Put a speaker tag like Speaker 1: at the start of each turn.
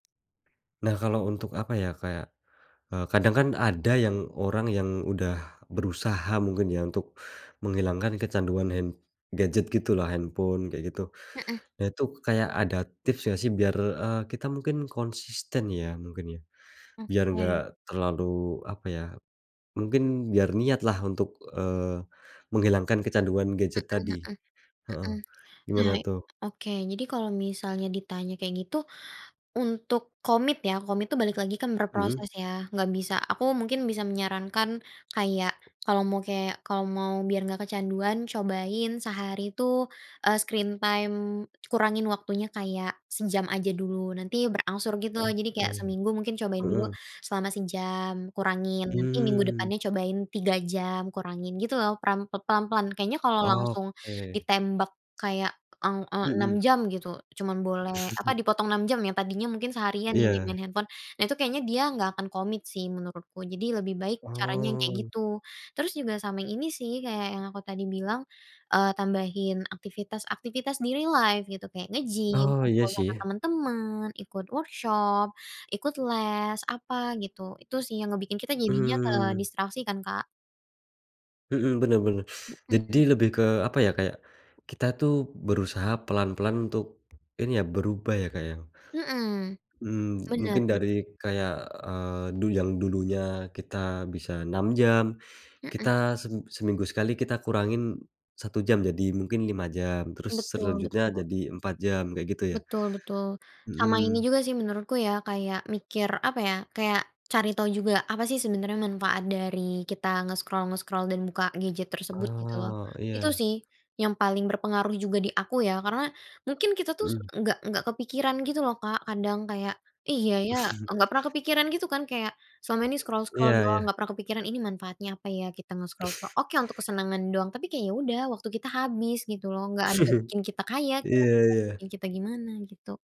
Speaker 1: Nah kalau untuk apa ya kayak, eee, kadang kan ada yang orang yang udah berusaha mungkin ya untuk menghilangkan kecanduan hand gadget gitulah, handphone kayak gitu.
Speaker 2: Mhm.
Speaker 1: Nah itu kayak ada tips gak sih biar, eee, kita mungkin konsisten ya mungkin ya, biar gak
Speaker 2: Oke.
Speaker 1: terlalu apa ya, mungkin biar niat lah untuk, eee, menghilangkan kecanduan gadget
Speaker 2: Mhm
Speaker 1: tadi.
Speaker 2: mhm.
Speaker 1: Heeh,
Speaker 2: Mhm. Nah,
Speaker 1: gimana tuh?
Speaker 2: oke jadi kalau misalnya ditanya kayak gitu, untuk komit ya, komit itu balik lagi kan
Speaker 1: Mhm.
Speaker 2: berproses ya, nggak bisa aku mungkin bisa menyarankan kayak kalau mau kayak kalau mau biar nggak kecanduan, cobain sehari tuh, eee, screen time kurangin waktunya kayak sejam aja dulu, nanti berangsur gitu loh, jadi kayak
Speaker 1: Oke.
Speaker 2: seminggu mungkin cobain dulu
Speaker 1: Mhm.
Speaker 2: selama sejam kurangin, nanti minggu
Speaker 1: Mmm.
Speaker 2: depannya cobain 3 jam kurangin gitu loh, perang pe pelan-pelan. Kayaknya kalau langsung
Speaker 1: Oke.
Speaker 2: ditembak kayak eng eee 6
Speaker 1: Mhm.
Speaker 2: jam gitu, cuma boleh apa, dipotong 6 jam ya, tadinya mungkin seharian ya di main
Speaker 1: Iya.
Speaker 2: handphone, nah itu kayaknya dia nggak akan komit sih menurutku. Jadi lebih baik caranya kayak
Speaker 1: Oh.
Speaker 2: gitu. Terus juga sama yang ini sih, kayak yang aku tadi bilang, eee, tambahin aktivitas-aktivitas di real life gitu kayak nge-gym,
Speaker 1: Oh iya
Speaker 2: ngobrol sama
Speaker 1: sih.
Speaker 2: temen-temen, ikut workshop, ikut les, apa gitu. Itu sih yang ngebikin kita jadinya
Speaker 1: Mmm.
Speaker 2: kedistraksi kan, Kak.
Speaker 1: Mhm bener bener. Jadi
Speaker 2: Mhm.
Speaker 1: lebih ke apa ya, kayak kita tuh berusaha pelan-pelan untuk ini ya berubah ya Kak ya.
Speaker 2: Mhm.
Speaker 1: Mmm,
Speaker 2: Bener
Speaker 1: mungkin
Speaker 2: bener.
Speaker 1: dari kayak, eee, du yang dulunya kita bisa 6 jam,
Speaker 2: Mhm.
Speaker 1: kita sem seminggu sekali kita kurangin 1 jam jadi mungkin 5 jam, terus
Speaker 2: Betul
Speaker 1: selanjutnya
Speaker 2: betul.
Speaker 1: jadi 4 jam kayak gitu ya?
Speaker 2: Betul betul. Sama ini
Speaker 1: Mhm.
Speaker 2: juga sih menurutku ya kayak mikir apa ya, kayak cari tahu juga apa sih sebenarnya manfaat dari kita nge-scroll-nge-scroll dan buka gadget tersebut gitu loh.
Speaker 1: Oh
Speaker 2: Itu
Speaker 1: iya.
Speaker 2: sih yang paling berpengaruh juga di aku ya. Karena mungkin kita tuh
Speaker 1: Mhm.
Speaker 2: nggak nggak kepikiran gitu loh Kak kadang kayak, iya ya, nggak pernah kepikiran gitu kan kayak selama ini
Speaker 1: Iya
Speaker 2: scroll-scroll doang
Speaker 1: iya.
Speaker 2: nggak pernah kepikiran ini manfaatnya apa ya kita mau nge-scroll ko oke untuk kesenangan doang, tapi kayak ya udah, waktu kita habis gitu loh, nggak ada yang bikin kita kaya, [unintelligible]
Speaker 1: Iya
Speaker 2: yang
Speaker 1: iya.
Speaker 2: kita gimana gitu.